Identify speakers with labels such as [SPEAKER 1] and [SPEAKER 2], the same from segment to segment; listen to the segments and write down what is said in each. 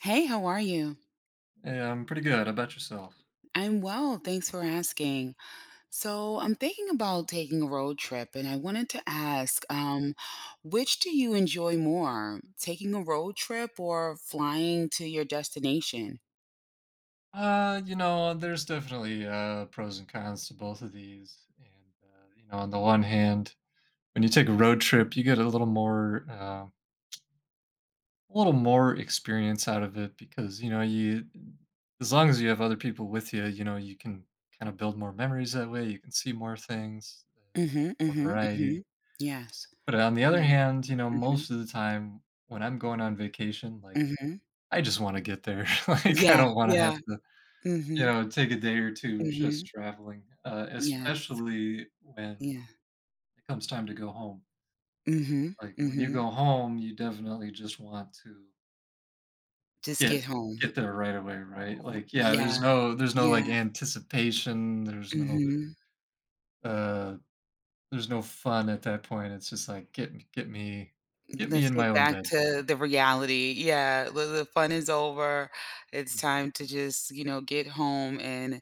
[SPEAKER 1] Hey, how are you?
[SPEAKER 2] Yeah, I'm pretty good. How about yourself?
[SPEAKER 1] I'm well, thanks for asking. So I'm thinking about taking a road trip and I wanted to ask, um, which do you enjoy more? Taking a road trip, or flying to your destination?
[SPEAKER 2] Uh, you know, there's definitely, uh, pros and cons to both of these, and, uh, you know, on the one hand, when you take a road trip, you get a little more, uh a little more experience out of it because, you know, you d as long as you have other people with ya, you know, you can kinda build more memories that way, you can see more things, uh,
[SPEAKER 1] Mhm,
[SPEAKER 2] more
[SPEAKER 1] mhm, mhm.
[SPEAKER 2] variety.
[SPEAKER 1] Yes.
[SPEAKER 2] But on the other
[SPEAKER 1] Yeah.
[SPEAKER 2] hand, you know,
[SPEAKER 1] Mhm.
[SPEAKER 2] most of the time when I'm going on vacation, like,
[SPEAKER 1] Mhm.
[SPEAKER 2] I just wanna get there, like, I
[SPEAKER 1] Yeah,
[SPEAKER 2] don't wanna have
[SPEAKER 1] yeah.
[SPEAKER 2] to, you
[SPEAKER 1] Mhm.
[SPEAKER 2] know, take a day or 2 just
[SPEAKER 1] Mhm.
[SPEAKER 2] traveling, uh,
[SPEAKER 1] Yes.
[SPEAKER 2] especially when
[SPEAKER 1] Yeah.
[SPEAKER 2] it comes time to go home.
[SPEAKER 1] Mhm,
[SPEAKER 2] Like, when you
[SPEAKER 1] mhm.
[SPEAKER 2] go home, you definitely just want to
[SPEAKER 1] Just get
[SPEAKER 2] get
[SPEAKER 1] home.
[SPEAKER 2] get there right away, right?
[SPEAKER 1] R r
[SPEAKER 2] Like, yeah, there's
[SPEAKER 1] Yeah,
[SPEAKER 2] no there's no, like,
[SPEAKER 1] yeah.
[SPEAKER 2] anticipation, there's no
[SPEAKER 1] Mhm.
[SPEAKER 2] uh, there's no fun at that point, it's just like, "Get me get me
[SPEAKER 1] M
[SPEAKER 2] get me
[SPEAKER 1] let's
[SPEAKER 2] in my
[SPEAKER 1] get
[SPEAKER 2] own
[SPEAKER 1] back
[SPEAKER 2] bed."
[SPEAKER 1] to the reality, yeah, well, the fun is over it's
[SPEAKER 2] Mhm.
[SPEAKER 1] time to just, you know, get home and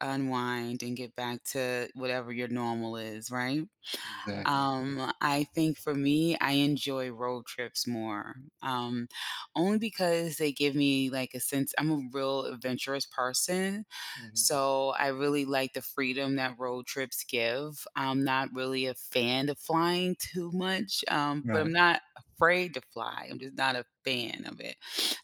[SPEAKER 1] unwind, and get back to whatever your normal is, right?
[SPEAKER 2] Exactly.
[SPEAKER 1] Um, I think for me, I enjoy road trips more, um, only because they give me like a sense I'm a real adventurous person,
[SPEAKER 2] Mhm.
[SPEAKER 1] so I really like the freedom that road trips give, I'm not really a fan of flying too much, um, but I'm
[SPEAKER 2] Right.
[SPEAKER 1] not afraid to fly, I'm just not a fan of it,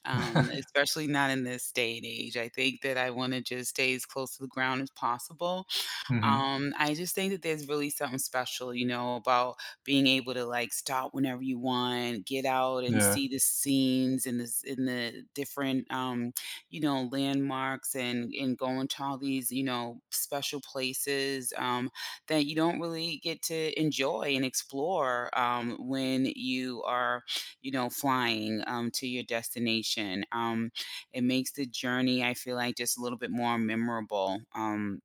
[SPEAKER 1] um, especially not in this day and age, I think that I wanna just stay as close to the ground as possible,
[SPEAKER 2] Mhm.
[SPEAKER 1] um, I just think that there's really something special, you know, about being able to, like, stop whenever you want, get out and
[SPEAKER 2] Yeah.
[SPEAKER 1] see the scenes in this in the different, um, you know, landmarks and and going to all these, you know, special places, um, that you don't really get to enjoy and explore, um, when you are, you know, flying, um, to your destination, um, it makes the journey I feel, like, just a little bit more memorable, um,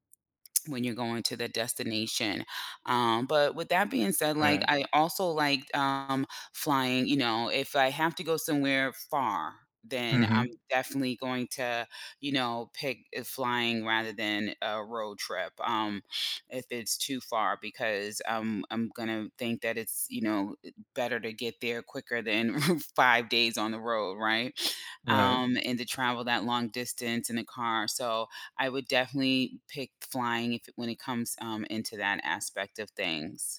[SPEAKER 1] when you're going to the destination, um, but with that being said, like,
[SPEAKER 2] Right.
[SPEAKER 1] I also liked, um, flying, you know, if I have to go somewhere far, then I'm
[SPEAKER 2] Mhm.
[SPEAKER 1] definitely going to, you know, pick, uh, flying rather than a road trip, um, if it's too far, because I'm I'm gonna think that it's you know, it better to get there quicker than 5 days on the road, right?
[SPEAKER 2] Right.
[SPEAKER 1] Um, and to travel that long distance in a car, so I would definitely pick flying if when it comes, um, into that aspect of things.